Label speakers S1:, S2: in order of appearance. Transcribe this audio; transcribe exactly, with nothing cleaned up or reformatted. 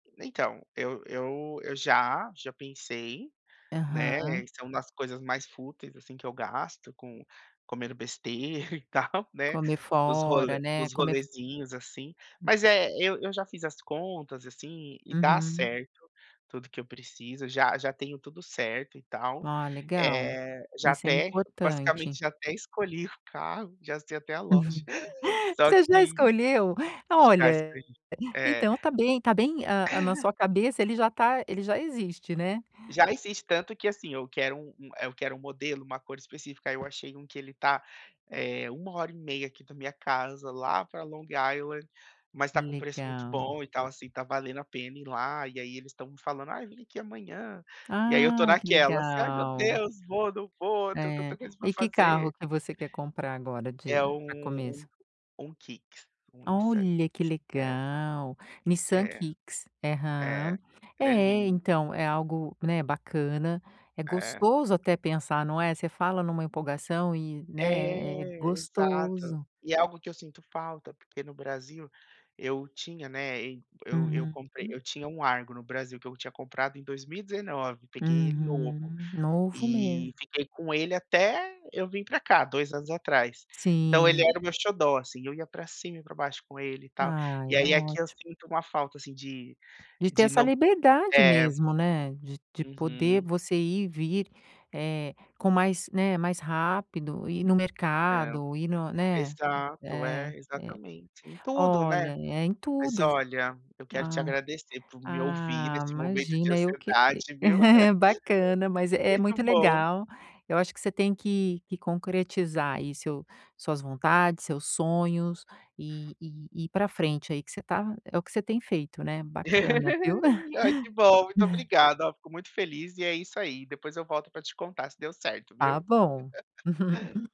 S1: Então, eu eu eu já já pensei, né,
S2: Aham.
S1: isso é uma das coisas mais fúteis assim que eu gasto com comendo besteira e tal, né,
S2: Comer
S1: nos role
S2: fora, né,
S1: nos
S2: comer
S1: rolezinhos, assim,
S2: Hum.
S1: mas, eh, eu eu já fiz as contas, assim, e dá
S2: Uhum.
S1: certo tudo que eu preciso, já já tenho tudo certo e tal,
S2: Ó, legal.
S1: eh, já
S2: Isso é
S1: até,
S2: importante.
S1: basicamente já até escolhi o carro, já sei até a loja, só
S2: Você já
S1: que
S2: escolheu?
S1: já
S2: Olha,
S1: escolhi, eh
S2: então tá bem tá bem, ah, ah, na sua cabeça, ele já tá ele já existe, né?
S1: Já existe, tanto que, assim, eu quero um um eu quero um modelo, uma cor específica, aí eu achei um que ele está, uma hora e meia aqui da minha casa, lá pra Long Island, mas tá com um preço muito
S2: Legal.
S1: bom e tal assim, está valendo a pena ir lá e aí eles estão me falando: "Ai, vem aqui amanhã.". E aí eu estou
S2: Ah, que
S1: naquelas: "Ai, meu
S2: legal.
S1: Deus, vou, não vou, tenho tanta
S2: É.
S1: coisa pra
S2: E que
S1: fazer.".
S2: carro que você quer comprar agora de,
S1: É,
S2: a
S1: hum,
S2: começo?
S1: um um Kicks, um Nissan
S2: Olha, que
S1: Kicks, é.
S2: legal. Nissan
S1: É.
S2: Kicks. Aham,
S1: É, ele é
S2: é,
S1: lindo.
S2: então é algo, né, bacana, é
S1: É.
S2: gostoso até pensar, não é, você fala numa empolgação e,
S1: É,
S2: né, é
S1: exato.
S2: gostoso.
S1: E é algo que eu sinto falta, porque no Brasil eu tinha, né, ei eu eu
S2: Uhum.
S1: comprei, eu tinha um Argo no Brasil que eu tinha comprado em 2019, peguei ele novo
S2: Uhum, novo
S1: e
S2: mesmo.
S1: fiquei com ele até eu vim pra cá, dois anos atrás. Então ele
S2: Sim.
S1: era o meu xodó, assim, eu ia pra cima e pra baixo com ele e tal,
S2: Ah,
S1: e
S2: é
S1: aí aqui eu
S2: ótimo.
S1: sinto uma falta assim de,
S2: De ter
S1: de
S2: essa
S1: não
S2: liberdade
S1: é.
S2: mesmo, né, de de poder
S1: Uhum.
S2: você ir e vir, eh, com mais, né, mais rápido ir no
S1: É,
S2: mercado e no, né,
S1: exato,
S2: eh,
S1: eh, exatamente, em tudo, né?
S2: olha, é em
S1: Mas
S2: tudo, vu
S1: olha, eu quero te
S2: ah,
S1: agradecer por me ouvir
S2: ah,
S1: nesse momento de
S2: imagina eu que, eh
S1: ansiedade, viu?
S2: bacana, mas é
S1: Muito
S2: muito
S1: bom.
S2: legal. Eu acho que você tem que que concretizar aí seu suas vontades, seus sonhos, eh, eh, e ir para frente aí que você está, é o que você tem feito, né, bacana, viu?
S1: Ai que bom, muito obrigada, fico muito feliz e é isso aí, depois eu volto pra te contar se deu certo,
S2: Tá
S1: viu?
S2: bom.